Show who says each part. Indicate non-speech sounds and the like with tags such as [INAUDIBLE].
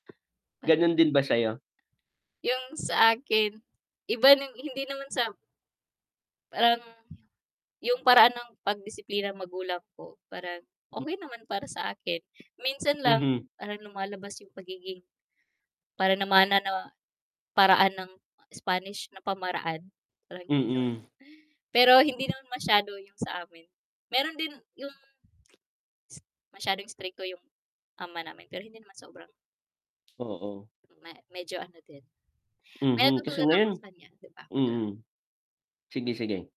Speaker 1: Ganun din ba sayo?
Speaker 2: 'Yung sa akin, iba nung hindi naman sa Um, 'yung paraan ng pag-disiplina magulang ko, parang okey naman para sa akin, minsan lang
Speaker 1: Mhm.
Speaker 2: parang lumalabas yung pagiging para namana 'no, paraan ng Spanish na pamaraan parang ganon
Speaker 1: Mm.
Speaker 2: [INHALES] pero hindi naman masyado yung sa amin, meron din yung [SMACKS LIPS] masyadong istrikto yung ama namin, pero hindi naman sobrang
Speaker 1: Oo.
Speaker 2: ma medyo ano din, [INHALES] may
Speaker 1: Mhm, kasi
Speaker 2: natutunan ako
Speaker 1: ngayon
Speaker 2: sa kanya 'di ba.
Speaker 1: mm. Sige, sige.